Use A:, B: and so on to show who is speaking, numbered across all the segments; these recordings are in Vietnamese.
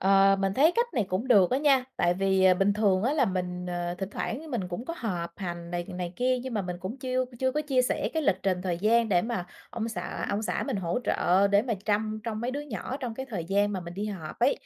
A: Ờ, mình thấy cách này cũng được á nha, tại vì, ờ, bình thường á là mình, ờ, thỉnh thoảng mình cũng có họp hành này này kia, nhưng mà mình cũng chiêu chưa có chia sẻ cái lịch trình thời gian để mà ông xã
B: Ừm.
A: ông xã mình hỗ trợ để mà trăm trông mấy đứa nhỏ trong cái thời gian mà mình đi họp ấy.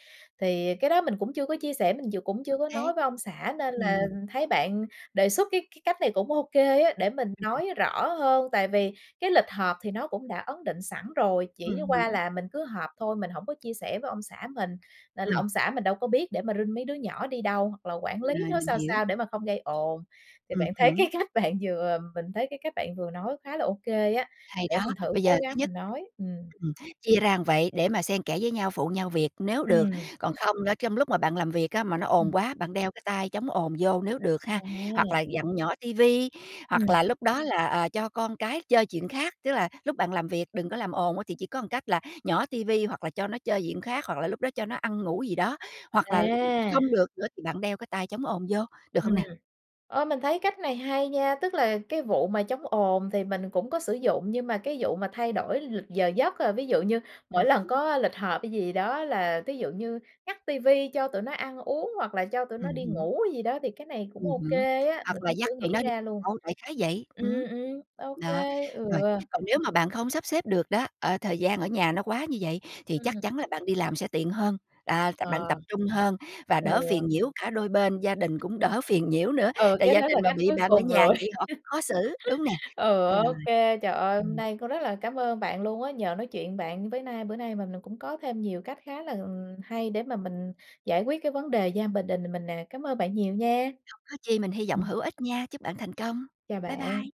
A: Thì cái đó mình cũng chưa có chia sẻ, mình ch cũng
B: Ô
A: chưa có
B: kê.
A: nói với ông xã nên là
B: Ừm.
A: thấy bạn đề xuất cái cái cách này cũng ô kê á, để mình
B: Ưm, ừm.
A: nói rõ hơn. Tại vì cái lịch họp thì nó cũng đã ấn định sẵn rồi, chỉ
B: Ừm
A: qua
B: hứm.
A: là mình cứ họp thôi, mình hổng có chia sẻ với ông xã mình nên là
B: Ừm.
A: ông xã mình đâu có biết để mà rinh mấy đứa nhỏ đi đâu, hoặc là quản lý
B: Rồi,
A: nó
B: mình
A: sao
B: hiểu.
A: sao để mà không gây ồn. Thì
B: Ừm
A: bạn thấy
B: hứm.
A: cái cách bạn vừa mình thấy cái cách bạn vừa nói khá là ô kê á,
B: Hay
A: để
B: đó,
A: mình thử
B: bây
A: cố
B: giờ thứ
A: gắng
B: nhất
A: mình nói. Ừm.
B: ừm, chia ra vậy để mà xen kẽ với nhau, phụ nhau việc nếu được,
A: Ừm.
B: còn không nữa trong lúc mà bạn làm việc á mà nó ồn
A: Ừm.
B: quá, bạn đeo cái tai chống ồn vô nếu được ha, hoặc
A: À!
B: là vặn nhỏ ti vi, hoặc
A: Ừm.
B: là lúc đó là, à, cho con cái chơi chuyện khác. Tức là lúc bạn làm việc đừng có làm ồn á thì chỉ có một cách là nhỏ ti vi, hoặc là cho nó chơi chuyện khác, hoặc là lúc đó cho nó ăn ngủ gì đó, hoặc là
A: À!
B: không được nữa thì bạn đeo cái tai chống ồn vô, được
A: Ừm,
B: không nè?
A: ơ, mình thấy cách này hay nha! Tức là cái vụ mà chống ồn thì mình cũng có sử dụng, nhưng mà cái vụ mà thay đổi lịch giờ giấc là ví dụ như
B: Ừm
A: mỗi lần
B: hứm.
A: có lịch họp hay gì đó là thí dụ như ngắt ti vi, cho tụi nó ăn uống, hoặc là cho tụi nó
B: Ừm
A: đi
B: hứm.
A: ngủ gì đó thì cái này cũng
B: Ừm
A: ô
B: hứm,
A: kê á, mình
B: hoặc là
A: cũng
B: dắt
A: chưa
B: tụi
A: nghĩ
B: nó đi
A: ra luôn.
B: đâu đại khái vậy,
A: Ừm,
B: ừm,
A: ừm, ô
B: đó,
A: kê, ừ.
B: rồi, còn nếu mà bạn không sắp xếp được đó, ờ, thời gian ở nhà nó quá như vậy thì chắc
A: Ừm.
B: chắn là bạn đi làm sẽ tiện hơn, à, bạn
A: Ờ.
B: tập trung hơn và
A: Ừ.
B: đỡ phiền nhiễu cả đôi bên gia đình cũng đỡ phiền nhiễu nữa,
A: Ừ,
B: tại
A: cái
B: gia
A: đó là
B: đình mà
A: cách
B: bị
A: cuối
B: bạn ở
A: cùng
B: nhà
A: rồi.
B: vậy họ khó xử, đúng nè,
A: Ừ,
B: rồi,
A: ô kê, trời ơi, hôm
B: ừm.
A: nay có rất là cám ơn bạn luôn á, nhờ nói chuyện bạn với nay bữa nay mà mình cũng có thêm nhiều cách khá là, ừm, hay để mà mình giải quyết cái vấn đề gia bình đình mình nè, cám ơn bạn nhiều nha!
B: Không có chi mình hy vọng
A: Ừm.
B: hữu ích nha. Chúc bạn thành công.
A: Chào
B: Bye
A: bạn.
B: bye.